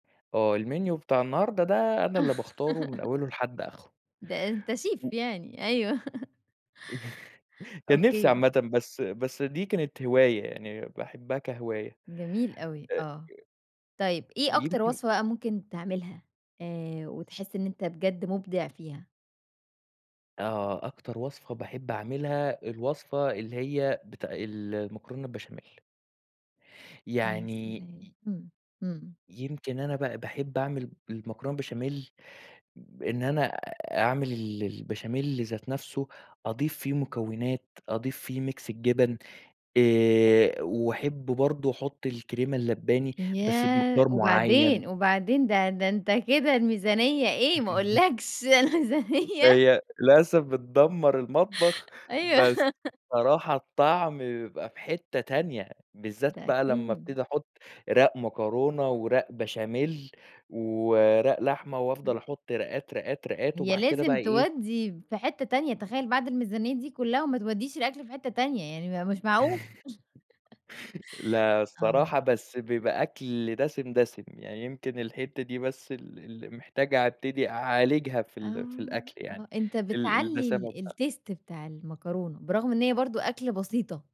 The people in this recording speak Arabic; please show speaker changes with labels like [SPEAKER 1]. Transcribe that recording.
[SPEAKER 1] آه، المنيو بتاع النهارده ده أنا اللي باختاره من أوّلُه لحد آخِرِه.
[SPEAKER 2] دا أنتَ شيف
[SPEAKER 1] [unintelligible]
[SPEAKER 2] يعني! أيوه،
[SPEAKER 1] كان نفسي
[SPEAKER 2] أوكى.
[SPEAKER 1] عامةً، بس بس دي كانت هواية يعني باحبها كهواية.
[SPEAKER 2] جميل أوي،
[SPEAKER 1] آآ، آآ
[SPEAKER 2] آه. طيب إيه أكتر
[SPEAKER 1] يمكن
[SPEAKER 2] وصفة بقي ممكن تعملها آآ، وتحس إن أنتَ بجد مبدع فيها؟
[SPEAKER 1] آه، أكتر وصفة باحب أعملها الوصفة اللي هي بت المكرونة البشاميل.
[SPEAKER 2] يا
[SPEAKER 1] يعني
[SPEAKER 2] سلام!
[SPEAKER 1] ي
[SPEAKER 2] إمم، إمم.
[SPEAKER 1] يمكن أنا بقي باحب أعمل المكرونة بشاميل، إن أنا أعمل ال البشاميل ذات نفسه، أضيف فيه مكونات، أضيف فيه ميكس الجبن، آآ وأحب برضو أحط الكرِيمة اللَّبَانِي بس
[SPEAKER 2] ياه!
[SPEAKER 1] بمقدار مُعَيَّن.
[SPEAKER 2] وبعدين؟ وبعدين د ده أنتَ كده الميزانية إيه ما أقولكش الميزانية
[SPEAKER 1] هي للأسف بِتْدَمّرالمطبخ،
[SPEAKER 2] أيوه
[SPEAKER 1] بس الصراحة الطعم بيبقى في حتة تانية، بالذات
[SPEAKER 2] ده
[SPEAKER 1] بقي لما
[SPEAKER 2] أكيد.
[SPEAKER 1] أَبْتدِي أَحُطّ رَاق مكرونة، ورَاق بشاميل، ورَاق لحمة وأفضل
[SPEAKER 2] [unintelligible]
[SPEAKER 1] أحط رَاقَات، رَاقَات، رَاقَات
[SPEAKER 2] هي
[SPEAKER 1] وبعد كده
[SPEAKER 2] لازم
[SPEAKER 1] بقي إيه
[SPEAKER 2] تُوَدِّي في حتة تانية، تخيل بعد الميزانية دي كلها وما توديش الأكل في حتة تانية، يعني ما هو مش معقول!
[SPEAKER 1] لأ،
[SPEAKER 2] آه.
[SPEAKER 1] الصراحة بس بييبقى أكل دسم، دسم، يعني يمكن الحتة دي بس ال اللّي محتاج أبتدي أعالجها في
[SPEAKER 2] آه،
[SPEAKER 1] ال في الأكل
[SPEAKER 2] آه،
[SPEAKER 1] يعني
[SPEAKER 2] إنتَ
[SPEAKER 1] ال
[SPEAKER 2] بِتْعَلِّي
[SPEAKER 1] الدَّسَامَة
[SPEAKER 2] ال
[SPEAKER 1] بتاع
[SPEAKER 2] الtaste بتاع المكرونة، برغم إن هي برضو أكلة بسيطة.